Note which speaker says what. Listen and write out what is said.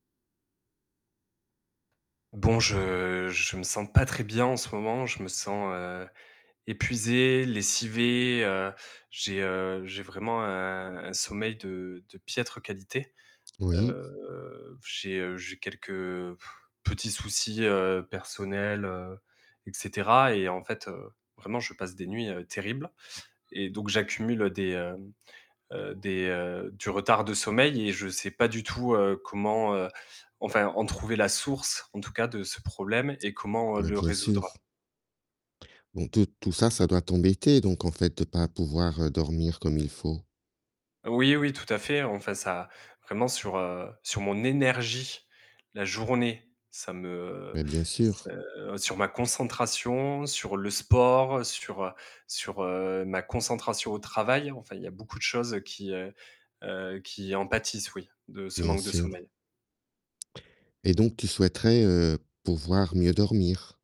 Speaker 1: Bon, je je me sens pas très bien en ce moment. Je me sens, heu, épuisé, lessivé, heu, j'ai, heu, j'ai vraiment un un sommeil de de piètre qualité.
Speaker 2: Oui.
Speaker 1: Heu, p j'ai, heu, j'ai quelques, heu, petits soucis, heu, personnels, heu, et cetera. Et en fait, heu, vraiment je passe des nuits, heu, terribles. Et donc j'accumule des, hem, heu des heu, du retard de sommeil et je sais pas du tout, heu, comment, heu, enfin, en trouver la source en tout cas, de ce problème et comment, heu,
Speaker 2: Mais
Speaker 1: le
Speaker 2: bien
Speaker 1: résoudre.
Speaker 2: sûr. Donc tout tout ça, ça doit t'embêter, donc en fait de pas pouvoir, heu, dormir, heu, comme il faut.
Speaker 1: Oui, oui, tout à fait. Enfin, ça, vraiment, sur, heu, sur mon énergie la journée. Ça me
Speaker 2: Bah bien sûr.
Speaker 1: se sur ma concentration, sur le sport, sur, heu, sur, heu, ma concentration au travail. Enfin, il y a beaucoup de choses qui, heu heu, qui en pâtissent, oui, de ce
Speaker 2: Bien
Speaker 1: manque de
Speaker 2: sûr.
Speaker 1: sommeil.
Speaker 2: Et donc tu souhaiterais, heu, pouvoir mieux dormir.